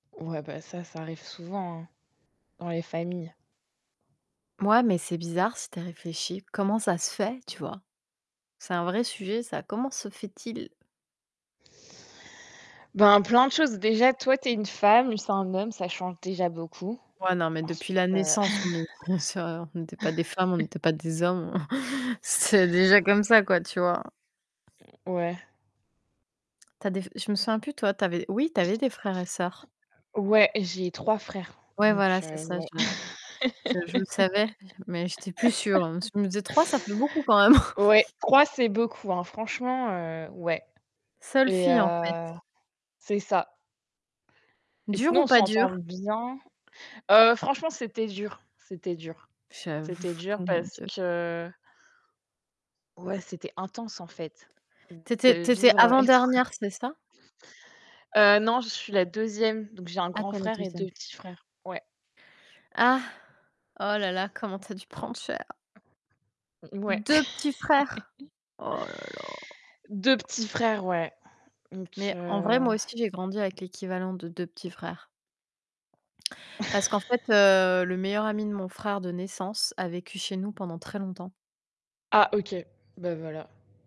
Ouais, ben, ça, ça arrive souvent, hein, dans les familles. Ouais, mais c'est bizarre si tu as réfléchi. Comment ça se fait, tu vois? C'est un vrai sujet, ça. Comment se fait-il? Ben, plein de choses. Déjà, toi, tu es une femme, lui c'est un homme, ça change déjà beaucoup. Ouais, non, mais depuis Ensuite la heu naissance, on est des sœurs, on était pas des femmes, on était pas des hommes. C'était déjà comme ça, quoi, tu vois? Ouais. Tu as des je me souviens plus toi, tu avais oui, tu avais des frères et sœurs. Ouais, j'ai 3 frères Ouais, donc voilà, c'est heu, ça, voilà. je je je le savais, mais j'étais plus sûre, parce que je me disais 3, ça fait beaucoup quand même. Ouais, 3, c'est beaucoup hein. Franchement, heu, ouais. Seule Et fille en fait. heu c'est ça. Et Dur sinon, ou on pas s'entend dur? bien. Heu, franchement, c'était dur c'était dur. C'était J'avoue, dur oh, mon parce Dieu. que ouais, c'était intense en fait Tu de étais tu étais vivre, avec 3 avant-dernière, c'est ça? Heu, non, je suis la 2e donc j'ai un Ah grand OK la frère et 2 2e. petits frères. Ouais. Ah. Oh là là. Comment tu as dû prendre cher. Mouais. 2 petits frères? Oh là là. 2 petits frères, ouais, donc Mais en vrai, heu moi aussi, j'ai grandi avec l'équivalent de 2 petits frères. Parce qu'en fait, heu, le meilleur ami de mon frère de naissance a vécu chez nous pendant très longtemps. Ah OK, ben voilà.